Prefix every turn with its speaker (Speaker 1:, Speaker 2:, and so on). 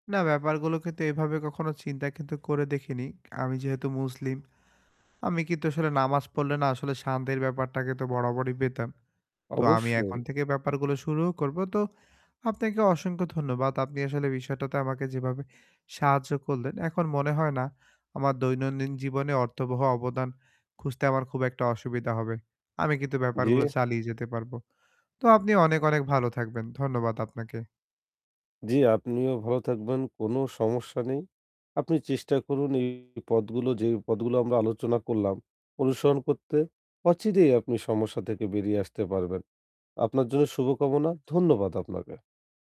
Speaker 1: না, ব্যাপারগুলোকে তো এভাবে কখনো চিন্তা কিন্তু করে দেখিনি। আমি যেহেতু মুসলিম, আমি কিন্তু আসলে নামাজ পড়লে না আসলে শান্তির ব্যাপারটাকে তো বরাবরই পেতাম। তো আমি
Speaker 2: অবশ্যই।
Speaker 1: এখন থেকে ব্যাপারগুলো শুরুও করব। তো আপনাকে অসংখ্য ধন্যবাদ। আপনি আসলে বিষয়টাতে আমাকে যেভাবে সাহায্য করলেন, এখন মনে হয় না আমার দৈনন্দিন জীবনে অর্থবহ অবদান খুঁজতে আমার খুব একটা অসুবিধা হবে। আমি কিন্তু ব্যাপারগুলো
Speaker 2: জি।
Speaker 1: চালিয়ে যেতে পারব। তো আপনি অনেক, অনেক, ভালো থাকবেন। ধন্যবাদ আপনাকে।
Speaker 2: জি, আপনিও ভালো থাকবেন। কোন সমস্যা নেই। আপনি চেষ্টা করুন এই পথগুলো, যেই পথগুলো আমরা আলোচনা করলাম অনুসরণ করতে। অচিরেই আপনি সমস্যা থেকে বেরিয়ে আসতে পারবেন। আপনার জন্য শুভকামনা। ধন্যবাদ আপনাকে।